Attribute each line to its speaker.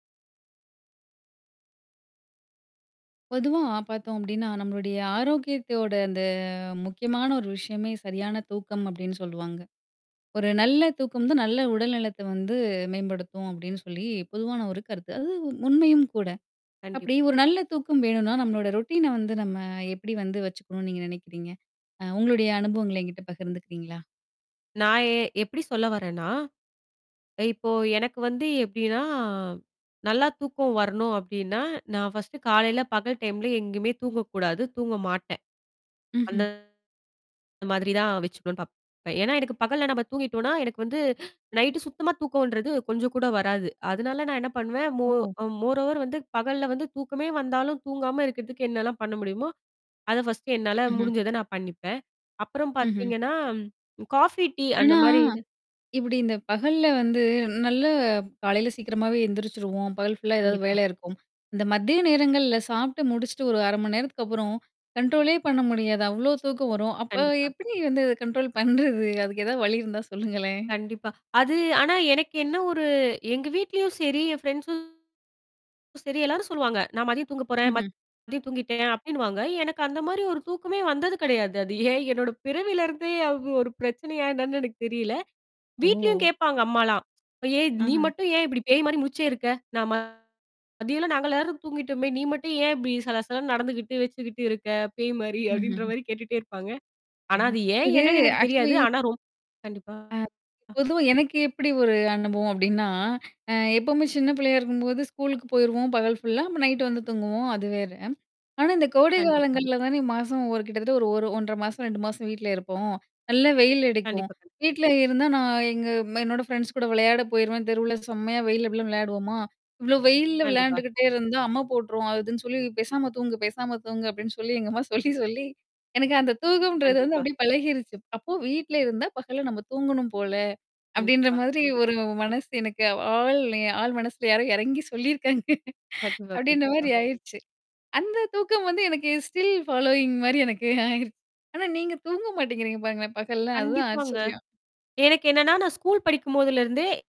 Speaker 1: பொதுவா பார்த்தோம் அப்படின்னா, நம்மளுடைய ஆரோக்கியத்தோட அந்த முக்கியமான ஒரு விஷயமே சரியான தூக்கம் அப்படின்னு சொல்லுவாங்க. ஒரு நல்ல தூக்கம் தான், நல்ல உடல்நலத்த வந்து மேம்படுத்தும் அப்படின்னு சொல்லி பொதுவான ஒரு கருத்து. அது உண்மையும் கூட.
Speaker 2: கண்டிப்
Speaker 1: அப்படி ஒரு நல்ல தூக்கம் வேணும்னா, நம்மளோட ரொட்டீன்ன வந்து நம்ம எப்படி வந்து வச்சுக்கணும்னு நீங்க நினைக்கிறீங்க? அ உங்களுடைய அனுபவங்கள்ல என்கிட்ட பகிர்ந்துக்கிறீங்களா?
Speaker 2: நான் எ எப்படி சொல்ல வரேன்னா? இப்போ எனக்கு வந்து எப்டின்னா நல்லா தூக்கம் வரணும் அப்டின்னா, நான் ஃபர்ஸ்ட்டு காலையில, பகல் டைம்ல எங்கேயுமே தூங்கக்கூடாது. தூங்க மாட்டேன். அந்த
Speaker 1: ம்ஹ்ம்.
Speaker 2: மாதிரி தான் வச்சுக்கணும்னு பார்ப்பேன். அ ஏன்னா, எனக்கு பகல்ல நம்ம தூங்கிட்டோம்னா, எனக்கு வந்து நைட்டு சுத்தமா தூக்கம்ன்றது கொஞ்சம் கூட வராது. அதனால நான் என்ன பண்ணுவேன். மோ
Speaker 1: ஓ!
Speaker 2: மோர் ஓவர் வந்து பகல்ல வந்து தூக்கமே வந்தாலும் தூங்காம இருக்கிறதுக்கு என்னலாம் பண்ண முடியுமோ? அத ஃபர்ஸ்ட்ட் என்னால
Speaker 1: ம்ஹ்ம்.
Speaker 2: முடிஞ்சத நான் பண்ணிப்பேன். அப்புறம்
Speaker 1: ம்ஹ்ம்.
Speaker 2: பார்த்தீங்கன்னா காஃபி, டீ அந்த
Speaker 1: ஆனா
Speaker 2: மாரி இது
Speaker 1: இப்படி இந்த பகல்ல வந்து நல்லா காலையில சீக்கிரமாவே எந்திரிச்சுருவோம். பகல் ஃபுல்லா ஏதாவது
Speaker 2: கண்டிப்பா.
Speaker 1: வேலா இருக்கும். இந்த மதிய நேரங்கள்ல சாப்ட்டு முடிச்சுட்டு ஒரு 1/2 மணி நேரத்துக்கு அப்புறம் கண்ட்ரோலே பண்ண முடியாது. அவ்வளோ தூக்கம் வரும். அப்ப
Speaker 2: கண்டிப்பா.
Speaker 1: எப்படி வந்து கண்ட்ரோல் பண்றது? அதுக்கு எ ஏதாவது வழி இருந்தா சொல்லுங்களேன்?
Speaker 2: கண்டிப்பா. அது ஆனா எனக்கு என்ன ஒரு எங்க வீட்லயும் சரி என் ஃப்ரெண்ட்ஸும் சரி எல்லாரும் சொல்லுவாங்க. நான் மதிய தூங்க போறேன்.
Speaker 1: ம்ஹ்ம்.
Speaker 2: மதியம் தூங்கிட்டேன் அப்டின்னுவாங்க. எனக்கு அந்த மாரி ஒரு தூக்கமே வந்தது கிடையாது. அது ஏன் என்னோட பிறவிலருந்தே அது ஒரு பிரச்சனையா என்னன்னு எனக்கு தெரியல. வீட்லயும்
Speaker 1: ஓ!
Speaker 2: கேட்பாங்க அம்மாலாம். அப்ப "ஏன் நீ
Speaker 1: அஹ.
Speaker 2: மட்டும் ஏன் இப்படி பேய் மாரி முடிச்சே இருக்க? நான் ம மதியல்லாம் நாங்க எல்லாரும் தூங்கிட்டோமே! நீ மட்டும் ஏன் இப்படி சல சல நடந்துகிட்டு வச்சுக்கிட்டு இருக்க, பேய் மாரி" அப்டின்ற
Speaker 1: ம்ஹ்ம்.
Speaker 2: மாரி கேட்டுட்டே இருப்பாங்க. ஆனா
Speaker 1: [unintelligible]
Speaker 2: அது ஏன்
Speaker 1: இது
Speaker 2: என்னன்னு எனக்கு தெரியாது.
Speaker 1: ஆக்ச்சுவலி
Speaker 2: ஆனா ரொம் கண்டிப்பா.
Speaker 1: [unintelligible]
Speaker 2: அ.
Speaker 1: .பொதுவா எனக்கு எப்படி ஒரு அனுபவம் அப்படின்னா, அ எப்பவுமே சின்ன பிள்ளையா இருக்கும்போது ஸ்கூல்குக்கு போயிருவோம் பகல் ஃபுல்லா. அப்ப நைட் வந்து தூங்குவோம். அது வேற. ஆனா, இந்த கோடை
Speaker 2: கண்டிப்பா.
Speaker 1: காலங்கள்ல தானே மாசம் ஒரு கிட்டத்தட்ட ஒரு 1 1/2 மாசம், ஒரு 2 மாசம் வீட்ல இருப்போம். நல்லா வெயில் எடுக்கும்.
Speaker 2: கண்டிப்பா, கண்டி
Speaker 1: வீட்ல இருந்தா நான் எங்க என்னோட ஃப்ரெண்ட்ஸ் கூட விளையாட போயிருவேன். தெருவுல செம்மையா வெயில்ல எப்டி எல்லாம் விளையாடுவோமா! "இவ்ளோ வெயில்ல
Speaker 2: கண்டிப்பா.
Speaker 1: விளையாண்டுகிட்டே இருந்தா அம்ம போட்டுருவோம். அதுன்னு சொல்லி பேசாம தூங்க, பேசாம தூங்க" அப்டின்னு சொல்லி எங்க அம்மா சொல்லி சொல்லி. எனக்கு அந்த தூக்கம்ன்றது வந்து
Speaker 2: கண்டிப்பா.
Speaker 1: அப்படியியே பழகிருச்சு. அப்போ வீட்ல இருந்தா பகல நம்ம தூங்கணும் போல. அப்படின்ற
Speaker 2: கண்டிப்பா.
Speaker 1: மாதிரி ஒரு மனசு எனக்கு ஆழ் ஆழ் மனசுல யாரும் ஏறங்கி சொல்லியிருக்காங்க.
Speaker 2: கண்டிப்பா,
Speaker 1: அப்டின்ற
Speaker 2: கண்டிப்பா.
Speaker 1: மாரி ஆயிருச்சு. அந்த தூக்கம் வந்து எனக்கு ஸ்டில் ஃபாலோயிங் மாரி எனக்கு ஆயிருச்சு. ஆனா நீங்க தூங்க மாட்டேங்கிறீங்க பாருங்களேன். பகல்ல அதுதான்
Speaker 2: கண்டிப்பாங்க.
Speaker 1: ஆச்சரியம்.
Speaker 2: எனக்கு என்னன்னா நான் ஸ்கூல் படிக்கும்போதுலருந்தே